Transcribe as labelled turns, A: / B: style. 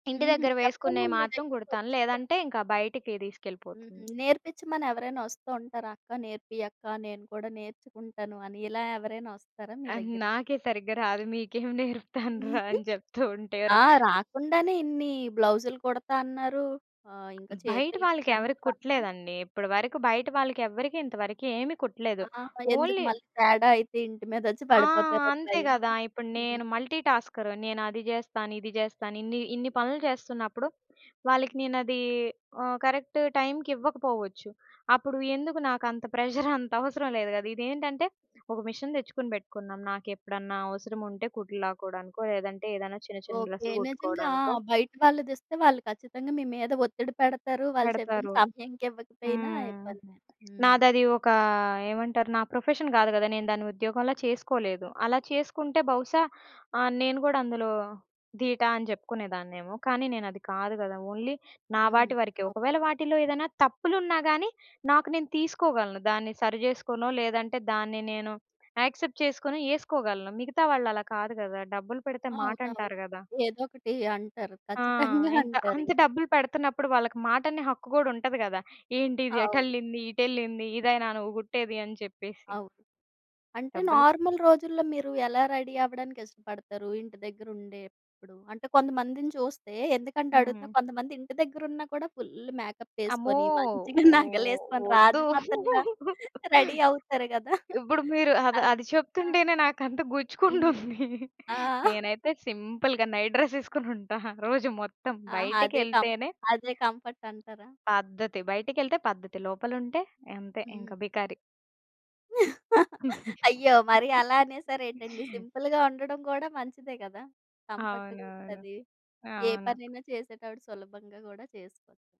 A: ఇంటి
B: హుహు.
A: దగ్గర
B: ఎవ్వరు
A: వేసుకునేయి
B: మీ
A: మాత్రం గుడతాను,
B: దగ్గరికొచ్చీ యన
A: లేదంటే ఇంక బయటికి
B: హ్మ్.
A: తీసుకెళ్ళిపోతుంది.
B: నేర్పిచ్చమని ఎవరైనా వస్తూ ఉంటారా? "అక్క నేర్పియి అక్కా, నేను కూడా నేర్చుకుంటాను" అని ఇలా ఎవరైనా వస్తారా మీ
A: ఆహ్,
B: దగ్గరికి?
A: నాకే సరిగ్గా రాదు. మీకేం నేర్పుతానురా!
B: హుహు.
A: అని చెప్తూ ఉంటేరు.
B: ఆ! రాకుండానే ఇన్ని బ్లౌజ్లు కుడతాన్నారు. ఆహ్, ఇంక
A: బయట
B: చేతులికి
A: వాళ్ళకి ఎవరికి
B: [unintelligible]
A: కుట్టలేదండి. ఇప్పటి వరకు బయట వాళ్ళకి ఎవ్వరికి ఇంతవరకి ఏమి కుట్టలేదు.
B: ఆ! ఎందుకు
A: ఓన్లీ
B: మళ్ళీ తేడా అయితే, ఇంటి మీదొచ్చి
A: ఆ!
B: పడిపోతారని
A: అంతే గదా!
B: భయమా?
A: ఇప్పుడు
B: హుహు.
A: నేను మల్టీటాస్కర్. నేను అది జేస్తాను, ఇది జేస్తాను ఇన్ని ఇన్ని పనులు చేస్తున్నప్పుడు, వాళ్ళకి నేను అదీ ఆహ్, కరెక్ట్ టైంకి ఇవ్వకపోవచ్చు. అప్పుడు ఎందుకు నాకంతా ప్రెజర్ అంత అవసరం లేదు గద! ఇదేంటంటే ఒక మిషన్ తెచ్చుకొని బెట్టుకున్నాం. నాకెప్పుడన్నా అవసరం ఉంటే కుట్లు లాక్కోడానికో లేదంటే ఏదైనా చిన్న చిన్న
B: ఓకె.
A: డ్రెస్లు
B: నిజంగా ఆ
A: కుట్టుకోడానికో
B: బయట వాళ్ళు దెస్తే వాళ్ళు ఖచ్చితంగా మీ మీద ఒత్తిడి పెడతారు, వాళ్ళు చెప్పిన
A: పెడతారు.
B: సమయానికివ్వకపోయినా
A: హ్మ్.
B: ఇబ్బంది. హ్మ్.
A: నాదదీ ఒకా ఏమంటారు నా ప్రొఫెషన్ గాదు గద! నేను దాన్ని ఉద్యోగంలా చేసుకోలేదు. అలా చేసుకుంటే బహుశా ఆహ్, నేను గూడా అందులో ధీటా అని చెప్పుకునేదాన్నేమో, కానీ నేను అది కాదు గదా! ఓన్లీ నా
B: హ్మ్.
A: వాటి వరికే. ఒకవేళ
B: అవును.
A: వాటిల్లో ఏదైనా తప్పులున్నా గానీ, నాకు నేను తీసుకోగలను. దాన్ని సరి చేసుకోనో లేదంటే దాన్ని నేను యాక్సెప్ట్ చేసుకొని ఏసుకోగలను. మిగతా వాళ్ళు అలా కాదు కదా! డబ్బులు పెడితే
B: అవునవును.
A: మాటంటారు గదా!
B: ఏదో ఒకటి అంటారు.
A: ఆ!
B: ఖచ్చితంగా
A: ఎంత? అంత
B: అంటారింక.
A: డబ్బులు పెడతన్నప్పుడు వాళ్ళకి మాటనే హక్కు గూడా ఉంటది గద! ఏంటి ఇది
B: అవును.
A: ఎటెళ్ళింది, ఇటెళ్ళింది ఇదేనా నువ్వు గుట్టేది అని చెప్పేసి.
B: అవును. అంటే
A: డబ్బులు.
B: నార్మల్ రోజుల్లో మీరు ఎలా రెడీ అవ్వడానికి ఇష్టపడతారు? ఇంటి దగ్గెర ఉండేప్పుడు, అంటే కొంతమందిని చూస్తే, ఎందుకంటే అడుగుతున్నా
A: హ్మ్.
B: కొంతమంది ఇంటి దగ్గెరున్నా కూడా ఫుల్ల్ మేకప్
A: అమ్మో!
B: ఏసుకొని మంచిగా
A: ఓహ్!
B: నగలేసుకొని
A: ఒద్దు.
B: రాజమాతల్లా రెడీ అవుతారు గదా!
A: ఇప్పుడు మీరు అది
B: అలా
A: అది చెప్తుంటేనే నాకంత
B: హుహు.
A: గుచ్చుకుంటుంది.
B: ఆ!
A: నేనైతే సింపుల్‌గా నైట్ డ్రెస్ ఏసుకొని ఉంటా, రోజు మొత్తం.
B: ఆ! అదే కం
A: బయటికెళ్తేనే
B: అదే కంఫర్ట్ అంటారా?
A: పద్ధతి. బయటికెళ్తే పద్ధతి. లోపలుంటే, అంతే
B: హ్మ్.
A: ఇంక బికారి.
B: అయ్యో! మరీ అలా అనేసరేటండి సింపుల్‌గా ఉండడం గూడా మంచిదే గదా! కంఫర్ట్‌గ
A: అవునవును.
B: ఉంటది. ఏ
A: అవును.
B: పనైనా చేసేటప్పుడు సులభంగా గూడా చేసుకోవలి.